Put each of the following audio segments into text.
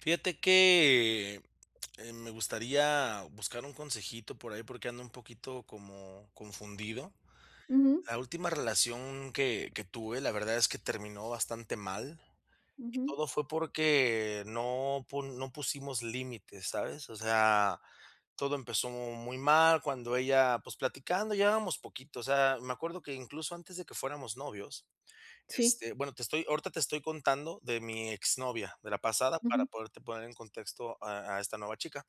Fíjate que, eh, me gustaría buscar un consejito por ahí, porque ando un poquito como confundido. Ujú. La última relación que que tuve, la verdad es que terminó bastante mal. Y Ujú. todo fue porque no pun no pusimos límites, ¿sabes? O sea, todo empezó muy mal, cuando ella, pues, platicando, llevábamos poquito, o sea, me acuerdo que incluso antes de que fuéramos novios, Sí. este, bueno, te estoy ahorita te estoy contando de mi exnovia, de la pasada, para Ujú. poderte poner en contexto a a esta nueva chica.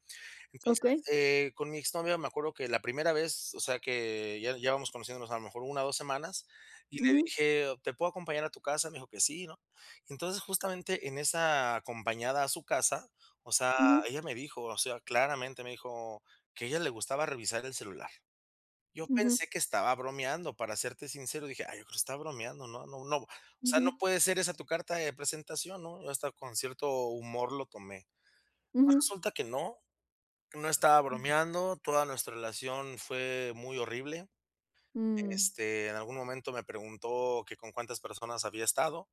Entonces, Okey. eh, con mi exnovia me acuerdo que la primera vez, o sea, que ya ya vamos conociéndonos a lo mejor 1 o 2 semanas, y le Ujú. dije: "¿Te puedo acompañar a tu casa?" Me dijo que sí, ¿no? Entonces, justamente, en esa acompañada a su casa, o sea, Ujú. ella me dijo, o sea, claramente me dijo que a ella le gustaba revisar el celular. Yo Ujú. pensé que estaba bromeando, para serte sincero, dije: "Ay, yo creo que estaba bromeando, ¿no?, no no no, o sea, no Ujú. puede ser esa tu carta de presentación, ¿no? Yo hasta con cierto humor lo tomé. Pues, Ujú. resulta que no, que no estaba Mm. bromeando, toda nuestra relación fue muy horrible. Mm. Este, en algún momento me preguntó que con cuántas personas había estado,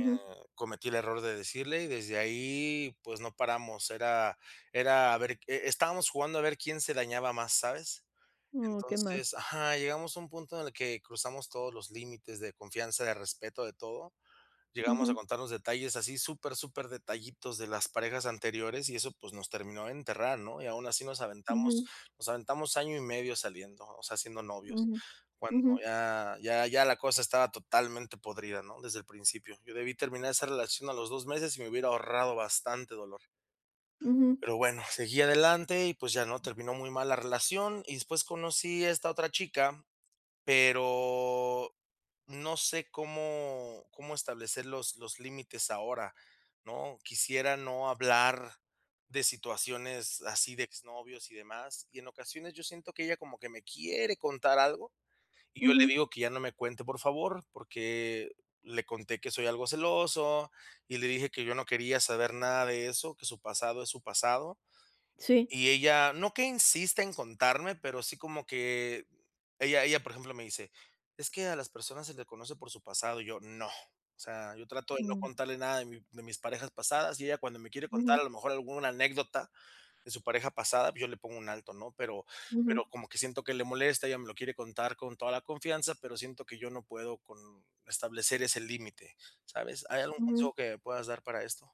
eh, cometí el error de decirle y desde ahí, pues, no paramos. Era era a ver que eh, estábamos jugando a ver quién se dañaba más, ¿sabes? Oh, qué mal. Entonces Ajá, llegamos a un punto en el que cruzamos todos los límites de confianza, de respeto, de todo. Llegamos a Ujú. contarnos detalles así, super, superdetallitos de las parejas anteriores y eso, pues, nos terminó de enterrar, ¿no? Y aún así nos aventamos Ujú. nos aventamos año y medio saliendo, o sea, siendo novios. Ujú. Cuando Ujú. ya ya ya la cosa estaba totalmente podrida, ¿no?, desde el principio. Yo debí terminar esa relación a los 2 meses y me hubiera ahorrado bastante dolor. Ujú. Pero bueno, seguí adelante y, pues, ya, ¿no?, terminó muy mal la relación. Y después conocí a esta otra chica, pero, no sé, cómo cómo establecer los los límites ahora, ¿no? Quisiera no hablar de situaciones, así, de exnovios y demás. Y en ocasiones, yo siento que ella como que me quiere contar algo, y yo le Ujú. digo que ya no me cuente, por favor, porque le conté que soy algo celoso y le dije que yo no quería saber nada de eso, que su pasado es su pasado. Sí. Y ella no que insiste en contarme, pero sí como que ella ella, por ejemplo, me dice: "Es que a las personas se le conoce por su pasado", y yo: "No". O sea, yo trato de no Mm. contarle nada de mi de mis parejas pasadas, y ella cuando me quiere contar, Ujú. a lo mejor, alguna anécdota de su pareja pasada, yo le pongo un alto, ¿no? Pero Ujú. pero como que siento que le molesta, ella me lo quiere contar con toda la confianza, pero siento que yo no puedo con establecer ese límite, ¿sabes? ¿Hay algún Ujú. consejo que me puedas dar para esto?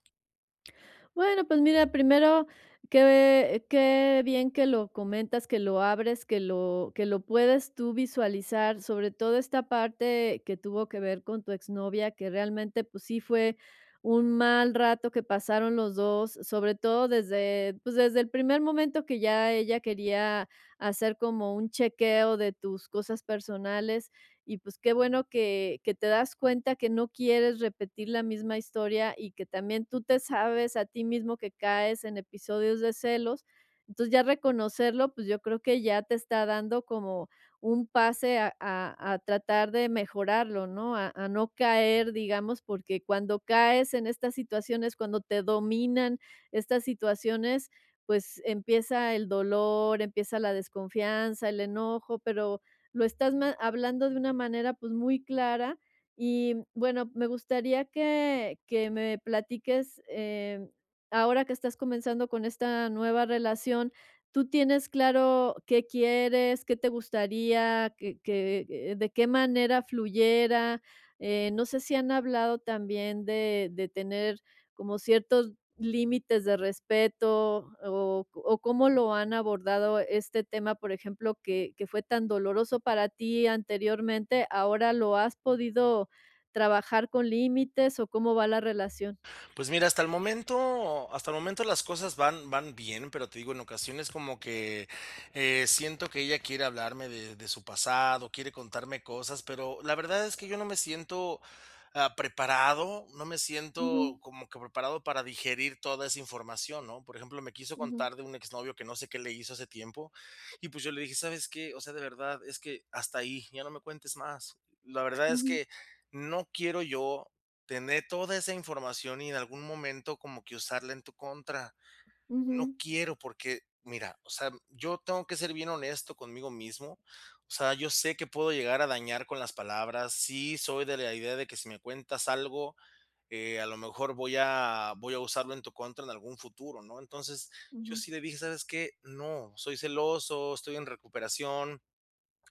Bueno, pues mira, primero que qué bien que lo comentas, que lo abres, que lo que lo puedes tú visualizar, sobre todo esta parte que tuvo que ver con tu exnovia, que realmente, pues sí fue un mal rato que pasaron los 2, sobre todo desde pues desde el primer momento que ya ella quería hacer como un chequeo de tus cosas personales y, pues, qué bueno que que te das cuenta que no quieres repetir la misma historia y que también tú te sabes a ti mismo que caes en episodios de celos, entonces ya reconocerlo, pues yo creo que ya te está dando como un pase a a a tratar de mejorarlo, ¿no? a a no caer, digamos, porque cuando caes en estas situaciones, cuando te dominan estas situaciones, pues empieza el dolor, empieza la desconfianza, el enojo, pero lo estás ma hablando de una manera, pues muy clara y bueno, me gustaría que que me platiques, eh, ahora que estás comenzando con esta nueva relación, ¿tú tienes claro qué quieres, qué te gustaría, qué qué de qué manera fluyera? Eh, no sé si han hablado también de de tener como ciertos límites de respeto, o o cómo lo han abordado este tema, por ejemplo, que que fue tan doloroso para ti anteriormente. Ahora, ¿lo has podido trabajar con límites o cómo va la relación? Pues mira, hasta el momento hasta el momento las cosas van van bien, pero te digo, en ocasiones como que, eh, siento que ella quiere hablarme de de su pasado, quiere contarme cosas, pero la verdad es que yo no me siento, ah, preparado, no me Ujú. siento, como que preparado para digerir toda esa información, ¿no? Por ejemplo, me quiso Ujú. contar de un exnovio que no sé qué le hizo hace tiempo, y pues yo le dije: "¿Sabes qué?, o sea, de verdad, es que hasta ahí, ya no me cuentes más, la verdad es Ujú. que no quiero yo, tener toda esa información y en algún momento como que usarla en tu contra, no Ujú. quiero, porque, mira, o sea, yo tengo que ser bien honesto conmigo mismo, o sea, yo sé que puedo llegar a dañar con las palabras, sí, soy de la idea de que si me cuentas algo, eh, a lo mejor voy a voy a usarlo en tu contra en algún futuro", ¿no? Entonces, yo Ujú. sí le dije: "¿Sabes qué? No, soy celoso, estoy en recuperación,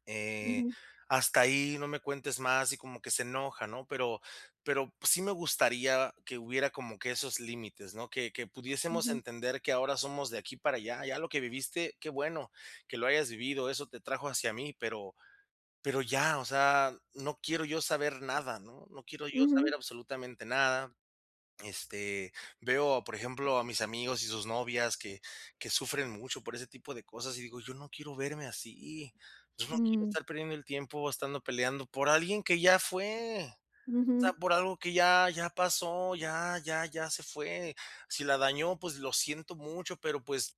eh, Ujú. hasta ahí, no me cuentes más" y como que se enoja, ¿no?, pero pero sí me gustaría que hubiera como que esos límites, ¿no?, que que pudiésemos Ujú. entender que ahora somos de aquí para allá, ya lo que viviste, qué bueno que lo hayas vivido, eso te trajo hacia mí, pero pero ya, o sea, no quiero yo saber nada, ¿no?, no quiero yo saber Ujú. absolutamente nada. Este, veo, por ejemplo, a mis amigos y sus novias que que sufren mucho por ese tipo de cosas, y digo, yo no quiero verme así, yo no quiero Mm. estar perdiendo el tiempo, estando peleando por alguien que ya fue. O sea, Ujú. por algo que ya ya pasó, ya ya ya se fue. Si la dañó, pues lo siento mucho, pero pues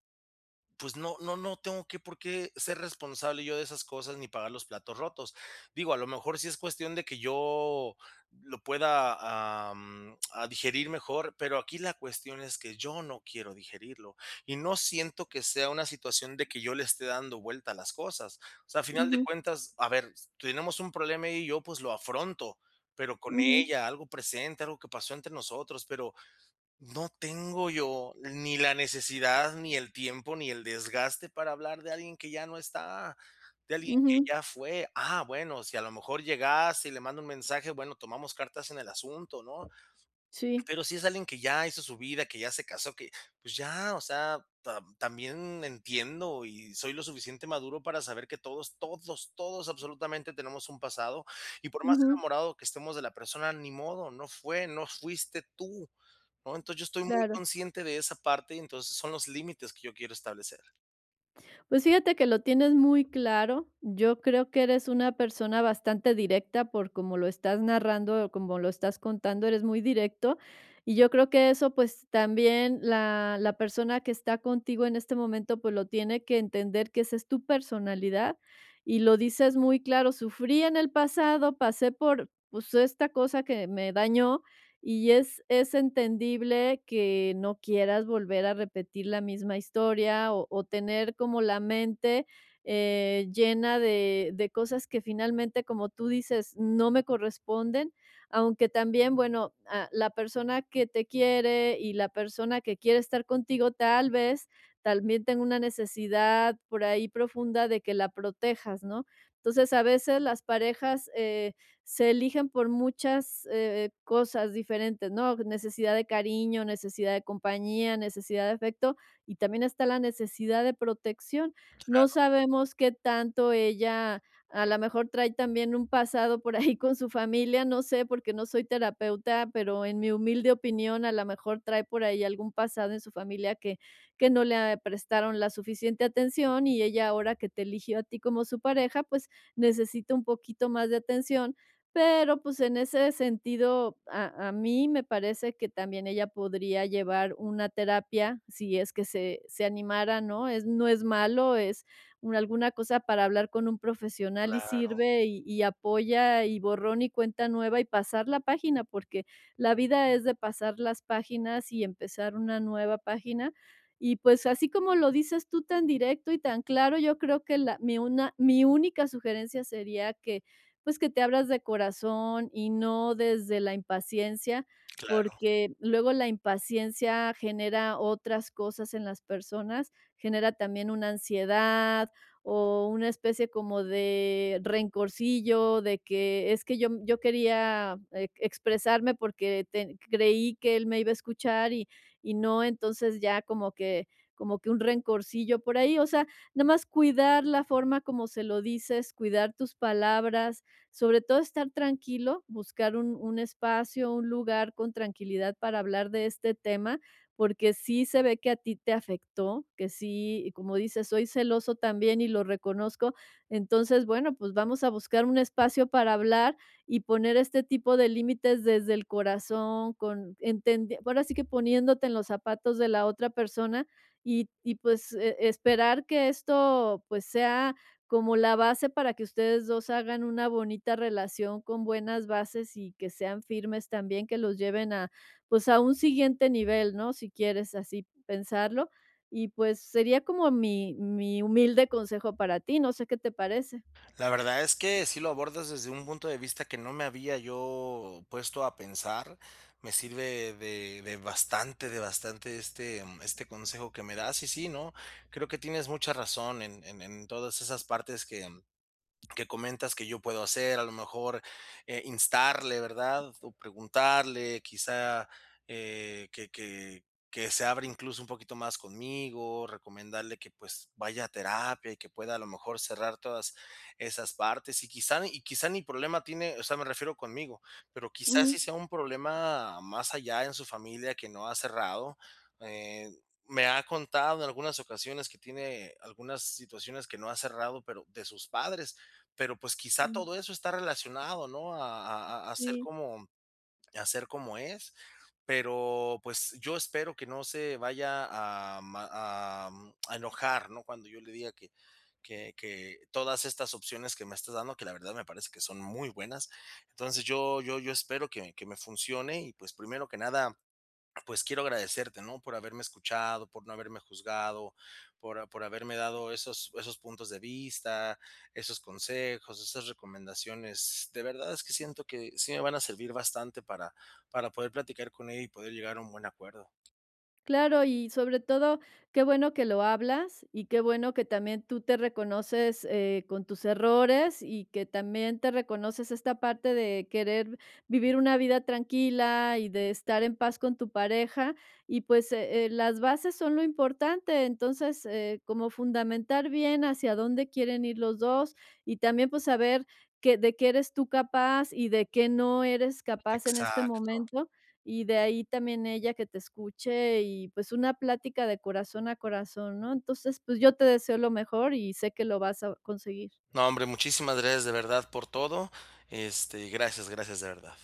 pues, no no no tengo que por qué ser responsable yo de esas cosas ni pagar los platos rotos. Digo, a lo mejor sí es cuestión de que yo lo pueda, am, a digerir mejor, pero aquí la cuestión es que yo no quiero digerirlo, y no siento que sea una situación de que yo le esté dando vuelta a las cosas. O sea, a final de Ujú. cuentas, a ver, tenemos un problema ella y yo, pues lo afronto, pero con Ujú. ella, algo presente, algo que pasó entre nosotros, pero no tengo yo ni la necesidad, ni el tiempo, ni el desgaste, para hablar de alguien que ya no está, de alguien que Ujú. ya fue, ah, bueno, si a lo mejor llegase y le mando un mensaje, bueno, tomamos cartas en el asunto, ¿no?, Sí. pero sí es alguien que ya hizo su vida, que ya hace casó, que pues ya, o sea, tam también entiendo y soy lo suficiente maduro para saber que todos, todos, todos, absolutamente, tenemos un pasado y, por más Ujú. enamorado que estemos de la persona, ni modo, no fue, no fuiste tú, ¿no? Entonces, yo estoy muy Claro. consciente de esa parte y, entonces, son los límites que yo quiero establecer. Pues fíjate que lo tienes muy claro. Yo creo que eres una persona bastante directa por como lo estás narrando o como lo estás contando, eres muy directo. Y yo creo que eso, pues, también la la persona que está contigo en este momento, pues, lo tiene que entender, que esa es tu personalidad. Y lo dices muy claro: "Sufrí en el pasado, pasé por, pues, esta cosa que me dañó", y es es entendible que no quieras volver a repetir la misma historia, o o tener como la mente, eh, llena de de cosas que finalmente, como tú dices: "No me corresponden". Aunque también, bueno, a la persona que te quiere y la persona que quiere estar contigo, tal vez, también tenga una necesidad por ahí profunda de que la protejas, ¿no? Entonces, a veces las parejas, eh, se eligen por muchas, eh, cosas diferentes, ¿no?, necesidad de cariño, necesidad de compañía, necesidad de afecto, y también está la necesidad de protección. No Claro. sabemos qué tanto ella, a la mejor trae también un pasado por ahí con su familia, no sé, porque no soy terapeuta, pero en mi humilde opinión, a la mejor, trae por ahí algún pasado en su familia que que no le eh, prestaron la suficiente atención, y ella ahora que te eligió a ti como su pareja, pues, necesita un poquito más de atención. Pero, pues, en ese sentido, a a mí me parece que también ella podría llevar una terapia, si es que se se animara, ¿no? Es no es malo, es una alguna cosa para hablar con un profesional y Claro. sirve, y y apoya, y borrón y cuenta nueva, y pasar la página, porque la vida es de pasar las páginas y empezar una nueva página. Y, pues, así como lo dices tú, tan directo y tan claro, yo creo que la mi una mi única sugerencia sería que, pues, que te abras de corazón y no desde la impaciencia, Claro. porque luego la impaciencia genera otras cosas en las personas, genera también una ansiedad o una especie como de rencorcillo de que es que yo yo quería ex expresarme porque te creí que él me iba a escuchar y y no. Entonces, ya como que como que un rencorcillo por ahí. O sea, nomás cuidar la forma como se lo dices, cuidar tus palabras, sobre todo estar tranquilo, buscar un un espacio, un lugar con tranquilidad para hablar de este tema, porque sí se ve que a ti te afectó, que sí, como dices: "Soy celoso también y lo reconozco". Entonces, bueno, pues, vamos a buscar un espacio para hablar y poner este tipo de límites desde el corazón con entender ahora sí que poniéndote en los zapatos de la otra persona y y, pues, e-esperar que esto, pues, sea como la base para que ustedes 2 hagan una bonita relación con buenas bases y que sean firmes también, que los lleven a, pues, a un siguiente nivel, ¿no?, si quieres así pensarlo. Y pues sería como mi mi humilde consejo para ti. No sé, ¿qué te parece? La verdad es que sí lo abordas desde un punto de vista que no me había yo puesto a pensar. Me sirve de de bastante de bastante, este este consejo que me das. Y sí, no. Creo que tienes mucha razón en en en todas esas partes que que comentas que yo puedo hacer. A lo mejor, eh, instarle, ¿verdad?, o preguntarle, quizá, eh, que que que se abra incluso un poquito más conmigo, recomendarle que, pues, vaya a terapia y que pueda, a lo mejor, cerrar todas esas partes. Y quizá ni y quizá ni problema tiene, o sea, me refiero conmigo, pero quizás Ujú. sí sea un problema más allá en su familia que no ha cerrado. Eh, me ha contado en algunas ocasiones que tiene algunas situaciones que no ha cerrado, pero de sus padres. Pero, pues, quizá Ujú. todo eso está relacionado, ¿no?, a a a ser Sí. como a ser como es. Pero, pues, yo espero que no se vaya a ma a mm a enojar, ¿no?, cuando yo le diga que que que todas estas opciones que me estás dando, que la verdad me parece que son muy buenas. Entonces, yo yo yo espero que que me funcione y, pues, primero que nada, pues, quiero agradecerte, ¿no?, por haberme escuchado, por no haberme juzgado, por a por haberme dado esos esos puntos de vista, esos consejos, esas recomendaciones. De verdad, es que siento que sí me van a servir bastante para para poder platicar con ella y poder llegar a un buen acuerdo. Claro, y sobre todo, qué bueno que lo hablas y qué bueno que también tú te reconoces, eh, con tus errores y que también te reconoces esta parte de querer vivir una vida tranquila y de estar en paz con tu pareja, y, pues, eh, las bases son lo importante. Entonces, eh, como fundamentar bien hacia dónde quieren ir los 2, y también, pues, saber que de qué eres tú capaz y de qué no eres capaz en este Exacto. momento, y de ahí también ella que te escuche y, pues, una plática de corazón a corazón, ¿no? Entonces, pues, yo te deseo lo mejor y sé que lo vas a conseguir. No, hombre, muchísimas gracias, de verdad, por todo. Este, y gracias, gracias de verdad.